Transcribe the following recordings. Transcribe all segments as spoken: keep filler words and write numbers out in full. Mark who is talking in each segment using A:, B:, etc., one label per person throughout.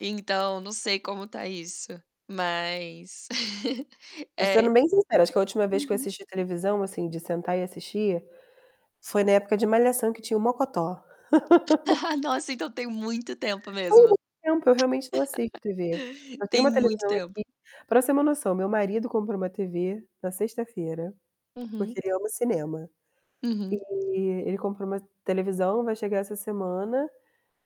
A: Então, não sei como tá isso, mas
B: Eu sendo
A: é.
B: bem sincera, acho que a última vez que eu
A: Uhum.
B: assisti televisão, assim, de sentar e assistir, foi na época de Malhação que tinha o Mocotó.
A: Nossa, então tem muito tempo
B: Há
A: mesmo.
B: muito tempo, eu realmente não assisto TV. Eu tenho
A: Tem
B: uma
A: muito
B: televisão
A: tempo.
B: aqui para você ter uma noção, meu marido comprou uma TV na sexta-feira, porque
A: Uhum.
B: ele ama cinema.
A: Uhum.
B: E ele comprou uma televisão, vai chegar essa semana,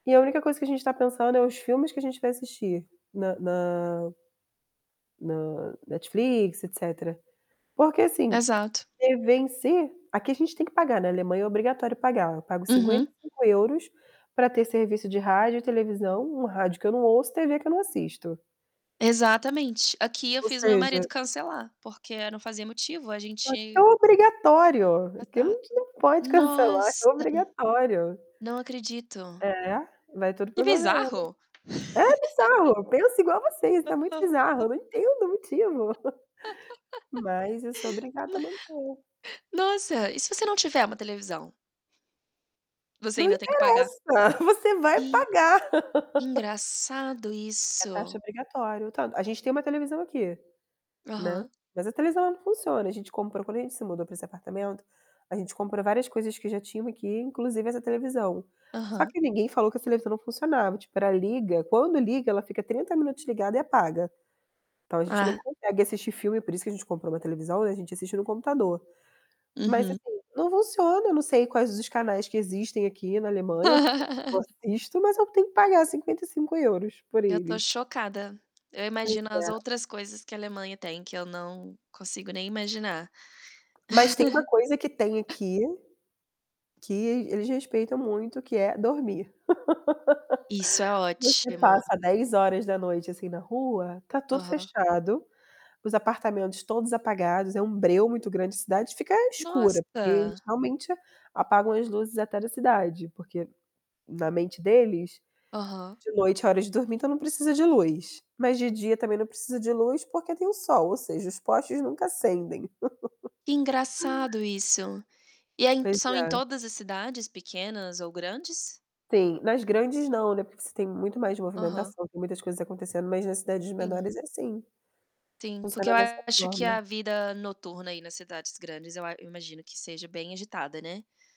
B: e a única coisa que a gente tá pensando é os filmes que a gente vai assistir na na na Netflix, etc. Porque assim,
A: Exato.
B: TV em si, aqui a gente tem que pagar, na Alemanha é obrigatório pagar. Eu pago cinquenta
A: Uhum.
B: e cinco euros. para ter serviço de rádio e televisão, um rádio que eu não ouço, TV que eu não assisto.
A: Exatamente, aqui eu
B: Ou
A: fiz meu marido
B: seja
A: cancelar, porque não fazia motivo, a
B: Aqui é
A: gente
B: obrigatório, aqui a
A: Exato.
B: gente não pode cancelar,
A: Nossa!
B: é obrigatório.
A: Não acredito.
B: É, vai tudo
A: Que
B: para o governo.
A: bizarro!
B: É bizarro, penso igual você, isso é muito bizarro, eu não entendo o motivo, mas eu sou obrigada a
A: Ma
B: manter.
A: Nossa, e se você não tiver uma televisão? Você
B: Não
A: ainda tem que pagar.
B: interessa, você vai
A: Ih.
B: pagar.
A: Engraçado
B: É taxa
A: isso.
B: obrigatória, o tanto a gente tem uma televisão aqui, né.
A: Aham.
B: Mas a televisão não funciona. A gente comprou quando a gente se mudou para esse apartamento, a gente comprou várias coisas que já tinham aqui, inclusive essa televisão. Só
A: Aham.
B: que ninguém falou que a televisão não funcionava, tipo, ela liga, quando liga, ela fica trinta minutos ligada e apaga. Então a gente não
A: Ah.
B: consegue assistir filme, por isso que a gente comprou uma televisão, né, a gente assiste no computador. Mas
A: Uhum.
B: assim, não funciona, eu não sei quais os canais que existem aqui na Alemanha, porque eu não assisto, mas eu tenho que pagar cinquenta e cinco euros. por
A: Eu tô
B: eles.
A: chocada. Eu
B: Pois
A: imagino as
B: é.
A: outras coisas que a Alemanha tem, que eu não consigo nem imaginar.
B: Mas tem uma coisa que tem aqui, que eles respeitam muito, que é dormir.
A: Isso é
B: Você
A: ótimo.
B: passa dez horas da noite, assim, na rua, tá tudo
A: Aham.
B: fechado, os apartamentos todos apagados, é um breu muito grande, a cidade fica escura, porque eles
A: Nossa!
B: realmente apagam as luzes até da cidade, porque na mente deles,
A: Aham.
B: de noite é hora de dormir, então não precisa de luz. Mas de dia também não precisa de luz, porque tem o sol, ou seja, os postes nunca acendem.
A: Que engraçado isso. E aí,
B: Pois
A: são em
B: é.
A: todas as cidades, pequenas ou grandes?
B: Sim. Nas grandes não, né, porque você tem muito mais
A: Aham.
B: movimentação, tem muitas coisas acontecendo, mas nas cidades
A: Sim.
B: menores é assim,
A: Sim, porque
B: funciona
A: eu
B: dessa
A: acho que
B: forma.
A: a vida noturna aí nas cidades grandes, eu a imagino que seja bem agitada, né.